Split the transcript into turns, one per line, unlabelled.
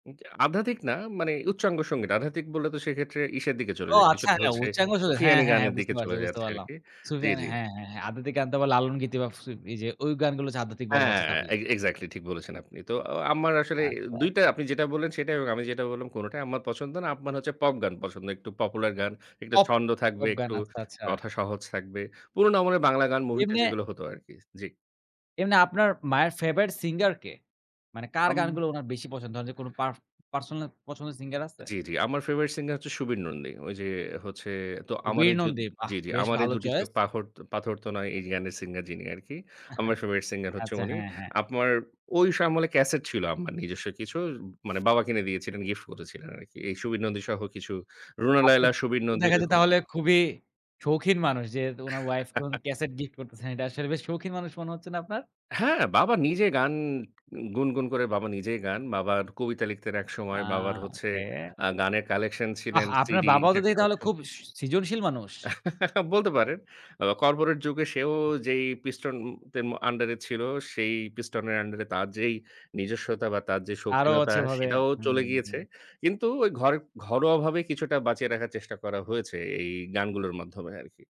আধ্যাত্মিক না মানে উচ্চাঙ্গ সঙ্গীত, আধ্যাত্মিক বললে তো সেক্ষেত্রে ইসের দিকে চলে
ও,
যায়।
আচ্ছা।
কিছুটা
হ্যাঁ,
হচ্ছে
উচ্চাঙ্গ আসলে? হ্যাঁ,
সুফিয়ানি
হ্যাঁ, হ্যাঁ
গানের দিকে
বুঝতে পারছি,
চলে
বুঝতে
যাচ্ছে
পারলাম।
আরকি। জি,
সুফিয়ান
জি।
হ্যাঁ, হ্যাঁ আধ্যাত্বিক গান তো আবার লালন গীতি বা এইযে, ওই গানগুলো যে আধ্যাত্মিক বলা
হ্যাঁ,
হচ্ছে তাহলে?
এগ এক্সাক্টলি ঠিক বলেছেন আপনি। তো আ আম্মার আসলে অ্যা
আচ্ছা,
২ টা
আচ্ছা।
আপনি যেটা বললেন সেটাই এবং আমি যেটা বললাম কোনটাই আম্মার পছন্দ না। আম্মার হচ্ছে পপ গান পছন্দ। একটু পপুলার গান, একটু
পপ,
ছন্দ থাকবে,
পপ গান
একটু
আচ্ছা, আচ্ছা।
কথা সহজ থাকবে। পুরোনো আমাদের বাংলা গান মুভিতে
এমনে
যেগুলো হতো আরকি। জি।
এমনি আপনার মায়ের ফেভারিট সিঙ্গার কে? মানে কার
অম
গানগুলো উনার বেশি পছন্দ? ধরেন যে কোন পারফ পার্সোনাল পছন্দের সিঙ্গার আছে?
জি, জি। আমার ফেভারিট সিঙ্গার হচ্ছে সুবীর নন্দী। ঐ যে হচ্ছে তো আমার
বীর
জোদ
নন্দী বাহ!
জি, জি।
বেশ
"...আমার এই
ভালো
দুটি চোখ
চয়েস।
পাখর পাথর তো নয় "এই যে গানের সিঙ্গার যিনি আরকি। আম্মার ফেভারিট সিঙ্গার হচ্ছে
আচ্ছা।
উনি।
হ্যাঁ, হ্যাঁ।
আম্মার ওই আমলে ক্যাসেট ছিল, আম্মার নিজস্ব কিছু। মানে বাবা কিনে দিয়েছিলেন গিফট করেছিলেন আরকি। এই সুবীর নন্দী সহ কিছু রুনা
আপনার
লায়লা, সুবীর
তো
নন্দী
দেখা যায়
এরকম।
তাহলে
[unintelligible]
খুবই সৌখিন মানুষ যেহেতু উনার ওয়াইফ কে উনি ক্যাসেট গিফট করতেছে। এটা আসলে বেশ শৌখিন মানুষ মনে হচ্ছে না আপনার?
হ্যাঁ বাবা নিজে গান গুনগুন করে বাবা নিজেই গান। বাবার কবিতা লিখতেন
আ
একসময় বাবার হচ্ছে
ওকে।
আ গানের কালেকশন
আহ
ছিলেন
আপনার
সিডি
বাবাও তো
ইশের
দেখি তাহলে
কালেকশন।
খুব সৃ সৃজনশীল মানুষ?
বলতে পারেন। অ কর্পোরেট যুগে সেও যেই পিস্টন তেম আন্ডার এ ছিল সেই পিস্টন এর আন্ডার এ তার যেই নিজস্বতা বা তার যে
আরো
সৌখীনতা
আছে ওভাবে।
সেটাও চলে
হুম,
গিয়েছে।
হুম।
কিন্তু ওই ঘর ঘরোয়াভাবে কিছুটা বাঁচিয়ে রাখার চেষ্টা করা হয়েছে এই গানগুলোর মাধ্যমে আরকি।